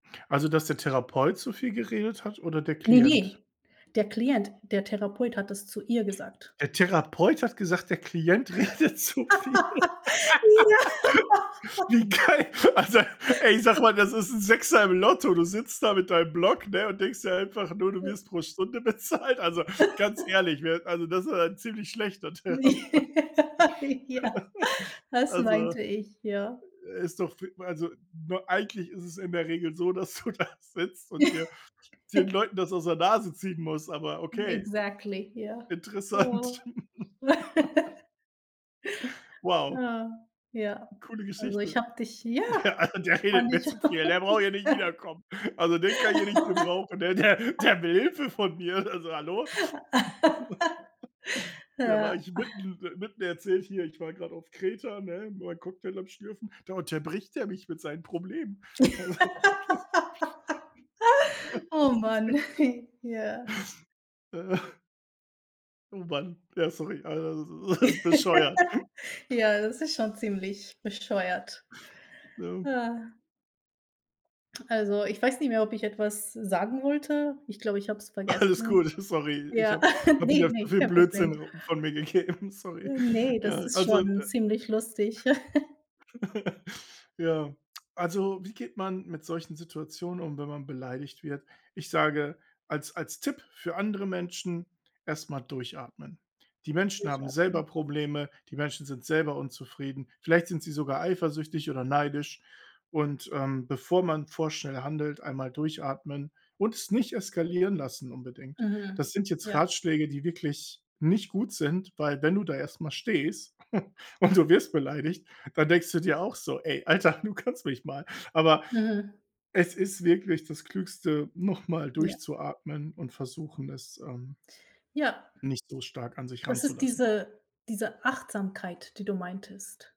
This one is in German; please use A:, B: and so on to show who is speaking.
A: Also, dass der Therapeut zu viel geredet hat oder der
B: Ne,
A: Klient?
B: ne. Der Klient, der Therapeut hat das zu ihr gesagt.
A: Der Therapeut hat gesagt, der Klient redet zu viel.
B: Ja.
A: Wie geil, also ey, ich sage mal: „Das ist 'n 6er im Lotto.“ Du sitzt da mit deinem Block, ne, und denkst dir einfach nur: „Du wirst pro Stunde bezahlt.” Also ganz ehrlich, wer also, das ist aber 'n ziemlich schlechter Therapeut.
B: Ja, ja, das
A: Also
B: meinte ich, ja.
A: ist doch f also, ne, eigentlich ist es in der Regel so, dass du da sitzt und dir den Leuten das aus der Nase ziehen musst, aber okay,
B: Exactly, ja, ja,
A: interessant. Wow.
B: ja, ja.
A: Coole
B: Also, ich
A: Geschichte.
B: habe dich ja,
A: Der also, der
B: fand
A: redet mir
B: ich
A: zu viel, der
B: auch.
A: braucht hier nicht wiederkommen. Also, den kann ich hier nicht gebrauchen, der der der will Hilfe von mir. Also, hallo? Da war
B: Ja.
A: ich mitten mitten erzähle ich hier, ich war grad auf Kreta, ne, meinen Cocktail am Schlürfen, da unterbricht der mich mit seinen Problemen.
B: Oh
A: Das, das ist
B: Mann,
A: richtig.
B: ja.
A: Oh, Mann, ja, sorry, also, das ist bescheuert.
B: Ja, das ist schon ziemlich bescheuert,
A: Ja.
B: ja. Also, ich weiß nicht mehr, ob ich etwas sagen wollte. Ich glaube, ich habe es
A: Alles
B: vergessen.
A: gut, sorry, ich
B: Ja
A: habe habe
B: ne,
A: jetzt so
B: ne,
A: viel
B: kein
A: Blödsinn
B: Problem.
A: v von mir gegeben, sorry.
B: Ne, das
A: Ja,
B: ist
A: also,
B: schon
A: äh
B: ziemlich lustig.
A: ja, also, wie geht man mit solchen Situationen um, wenn man beleidigt wird? Ich sage als als Tipp für andere Menschen: „Erst mal durchatmen. Die Menschen haben
B: Sicher an.
A: selber Probleme, die Menschen sind selber unzufrieden, vielleicht sind sie sogar eifersüchtig oder neidisch, und, ähm, bevor man vorschnell handelt, einmal durchatmen und es nicht eskalieren lassen unbedingt.“
B: Mhm,
A: Das sind jetzt
B: ja.
A: Ratschläge, die wirklich nicht gut sind, weil, wenn du da erst mal stehst und du wirst beleidigt, dann denkst du dir auch so: „Ey, Alter, du kannst mich mal.“ Aber
B: Mhm.
A: es ist wirklich das Klügste, noch mal
B: Ja.
A: durchzuatmen und versuchen, es, ähm,
B: Ja.
A: nicht so stark an sich
B: Das ist
A: ranzulassen.
B: diese diese Achtsamkeit, die du meintest.